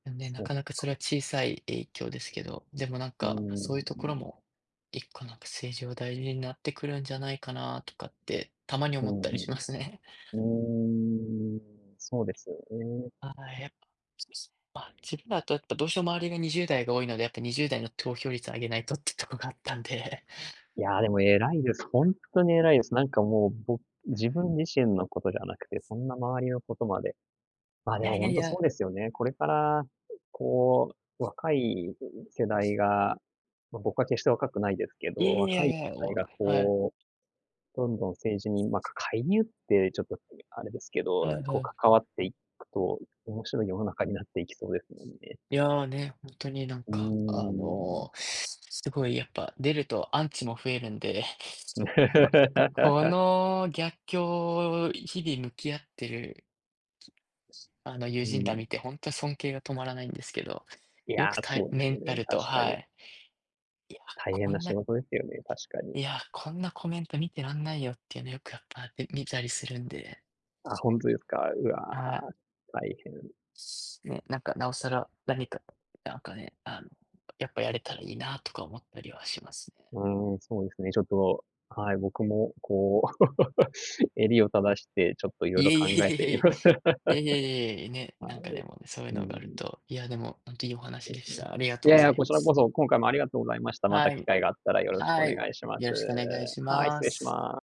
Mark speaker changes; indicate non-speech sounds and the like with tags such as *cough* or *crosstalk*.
Speaker 1: うん、ね、な
Speaker 2: そっ
Speaker 1: かなか、そ
Speaker 2: か。
Speaker 1: れは、小さい影響ですけど、でも、なん
Speaker 2: うーん、
Speaker 1: か、そういうところ
Speaker 2: ん。
Speaker 1: も、1個なんか、政治は大事になってくるんじゃないかなとかって、たまに
Speaker 2: う
Speaker 1: 思っ
Speaker 2: ん
Speaker 1: たり
Speaker 2: う
Speaker 1: しますね。
Speaker 2: ん。うーん。そうですよね。
Speaker 1: はい。やっぱ、そうですね。まあ、自分だと、やっぱ、どうしても周りが20代が多いので、やっぱ、20代の投票率を上げないとってとこがあったんで。
Speaker 2: いや、でも偉いです。ほんっとに偉いです。なんか、もう、ぼ自分自身のことじゃなくて、そんな周りのことまで。ま、
Speaker 1: い
Speaker 2: で
Speaker 1: や
Speaker 2: も、
Speaker 1: い
Speaker 2: ほ
Speaker 1: や
Speaker 2: ん
Speaker 1: い
Speaker 2: と、
Speaker 1: や。
Speaker 2: そうですよね。これから、こう、若い世代がま、僕は決して若くないですけ
Speaker 1: いや
Speaker 2: ど、
Speaker 1: いや
Speaker 2: 若い
Speaker 1: い
Speaker 2: 世
Speaker 1: やいや、お
Speaker 2: 代
Speaker 1: わ
Speaker 2: が
Speaker 1: はい。
Speaker 2: こう、どんどん政治に、ま、か介入って、ちょっと、あれですけど、
Speaker 1: はい
Speaker 2: こ
Speaker 1: は
Speaker 2: う、
Speaker 1: い。
Speaker 2: 関わっていくと、面白い世の中になっていきそうですもんね。
Speaker 1: いや、ね、ほんとに、なん
Speaker 2: う
Speaker 1: か、あ
Speaker 2: ーん。
Speaker 1: の、すごい、やっぱ、出るとアンチも増えるんで、ここ
Speaker 2: *laughs*
Speaker 1: の逆境を日々向き合ってる、*unintelligible* あの、友
Speaker 2: う
Speaker 1: 人
Speaker 2: ー
Speaker 1: ら見
Speaker 2: ん。
Speaker 1: て、ほんと、尊敬が止まらないんですけど。
Speaker 2: い
Speaker 1: よ
Speaker 2: や、
Speaker 1: く、たえ
Speaker 2: そうで
Speaker 1: メ
Speaker 2: す
Speaker 1: ン
Speaker 2: よ
Speaker 1: タ
Speaker 2: ね、
Speaker 1: ルと、
Speaker 2: 確か
Speaker 1: は
Speaker 2: に。
Speaker 1: い。いや、
Speaker 2: 大変
Speaker 1: こ
Speaker 2: な
Speaker 1: ん
Speaker 2: 仕
Speaker 1: な
Speaker 2: 事ですよね、確かに。
Speaker 1: いや、こんなコメント見てらんないよっていうの、よく、やっぱ、ん、見たりするんで。
Speaker 2: あ、本当ですか。うわ、
Speaker 1: はい。
Speaker 2: 大変。
Speaker 1: すね。なんか、なおさら、何か、なんかね、あの、やっぱ、やれたらいいなとか思ったりはしますね。
Speaker 2: うーん、そうですね。ちょっと、はい。僕も、こう、*laughs* 襟を正して、ちょっと、色
Speaker 1: い
Speaker 2: 々
Speaker 1: えい
Speaker 2: 考えてみ
Speaker 1: え
Speaker 2: ます。*laughs* は
Speaker 1: いえいえいえ、いえいえいえいえ、ね、なんか、でも、ね、そういう
Speaker 2: い。うー
Speaker 1: のがある
Speaker 2: ん。
Speaker 1: と、いや、でも、ほんといいお
Speaker 2: う
Speaker 1: 話
Speaker 2: ん
Speaker 1: でし
Speaker 2: うん。
Speaker 1: た。ありがと
Speaker 2: い
Speaker 1: うご
Speaker 2: やい
Speaker 1: ざ
Speaker 2: や、
Speaker 1: い
Speaker 2: こ
Speaker 1: ま
Speaker 2: ちら
Speaker 1: す。
Speaker 2: こそ、今回もありがとうございました。ま
Speaker 1: は
Speaker 2: た機
Speaker 1: い。
Speaker 2: 会があったらよろしくお
Speaker 1: はい。
Speaker 2: 願いします。
Speaker 1: よろしくお願いし
Speaker 2: はい、
Speaker 1: ま
Speaker 2: 失礼し
Speaker 1: す。
Speaker 2: ま